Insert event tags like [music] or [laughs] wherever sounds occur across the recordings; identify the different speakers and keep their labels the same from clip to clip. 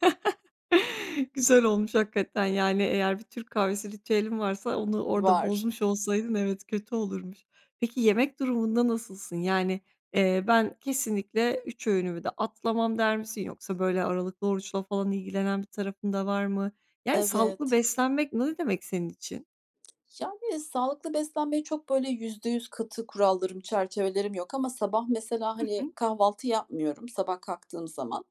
Speaker 1: [chuckles] Güzel olmuş hakikaten. Yani, eğer bir Türk kahvesi ritüelin varsa onu orada
Speaker 2: Var.
Speaker 1: bozmuş olsaydın, evet, kötü olurmuş. Peki, yemek durumunda nasılsın? Yani, eee, "Ben kesinlikle 3 öğünümü de atlamam." der misin? Yoksa, böyle, aralıklı oruçla falan ilgilenen bir tarafın da var mı? Yani, sağlıklı
Speaker 2: Evet.
Speaker 1: beslenmek ne demek senin için?
Speaker 2: Yani, sağlıklı beslenmeye çok böyle %100 katı kurallarım, çerçevelerim yok ama sabah mesela,
Speaker 1: Hı hı.
Speaker 2: hani, kahvaltı yapmıyorum sabah kalktığım zaman.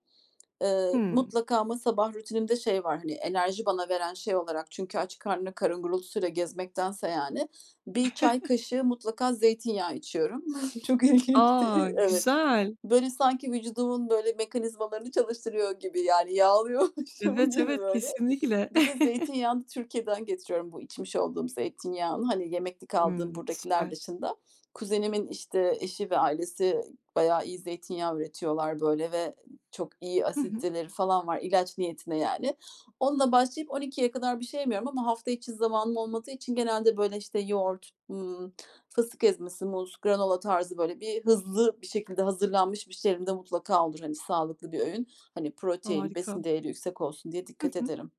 Speaker 2: Iıı,
Speaker 1: Hıı.
Speaker 2: mutlaka ama sabah rutinimde şey var. Hani, enerji bana veren şey olarak çünkü aç karnına karın gurultusuyla gezmektense, yani, 1 çay
Speaker 1: [chuckles]
Speaker 2: kaşığı mutlaka zeytinyağı içiyorum. Çok ilginç,
Speaker 1: A,
Speaker 2: de Evet.
Speaker 1: güzel.
Speaker 2: Böyle, sanki vücudumun mekanizmalarını çalıştırıyor gibi. Yani, yağlıyormuşum
Speaker 1: Evet,
Speaker 2: gibi,
Speaker 1: evet
Speaker 2: böyle.
Speaker 1: kesinlikle.
Speaker 2: Bir de
Speaker 1: [chuckles]
Speaker 2: zeytinyağını Türkiye'den getiriyorum, bu içmiş olduğum zeytinyağını. Hani, yemeklik aldığım
Speaker 1: Hımm,
Speaker 2: buradakiler
Speaker 1: süper.
Speaker 2: dışında, kuzenimin, işte, eşi ve ailesi bayağı iyi zeytinyağı üretiyorlar, böyle, ve çok iyi
Speaker 1: Hı hı.
Speaker 2: asiditeleri falan var. İlaç niyetine, yani. Onunla başlayıp 12.00'ye kadar bir şey yemiyorum ama hafta içi zamanım olmadığı için genelde, böyle, işte, yoğurt, hımm, fıstık ezmesi, muz, granola tarzı, böyle, hızlı bir şekilde hazırlanmış bir şey elimde mutlaka olur. Hani, sağlıklı bir öğün, hani, protein, besin
Speaker 1: Harika.
Speaker 2: değeri yüksek olsun diye
Speaker 1: Hı
Speaker 2: dikkat
Speaker 1: hı.
Speaker 2: ederim.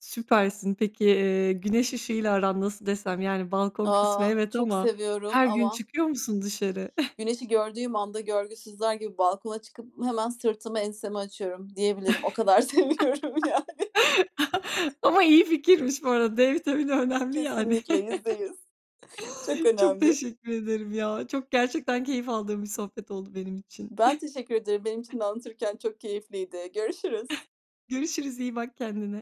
Speaker 1: Süpersin. Peki, eee, güneş ışığıyla aran nasıl desem? Yani, balkon kısmı
Speaker 2: Aaa,
Speaker 1: evet
Speaker 2: çok
Speaker 1: ama
Speaker 2: seviyorum
Speaker 1: her gün
Speaker 2: ama
Speaker 1: çıkıyor musun dışarı? [chuckles]
Speaker 2: Güneşi gördüğüm anda görgüsüzler gibi balkona çıkıp hemen sırtımı, ensemi açıyorum diyebilirim. O kadar seviyorum, yani.
Speaker 1: [laughs] Ama iyi fikirmiş bu arada, D vitamini önemli, yani.
Speaker 2: Kesinlikle, %100 çok
Speaker 1: [chuckles] Çok
Speaker 2: önemli.
Speaker 1: teşekkür ederim ya, çok gerçekten keyif aldığım bir sohbet oldu benim için.
Speaker 2: Ben teşekkür ederim. Benim
Speaker 1: [chuckles]
Speaker 2: için de anlatırken çok keyifliydi, görüşürüz.
Speaker 1: [chuckles] Görüşürüz, iyi bak kendine.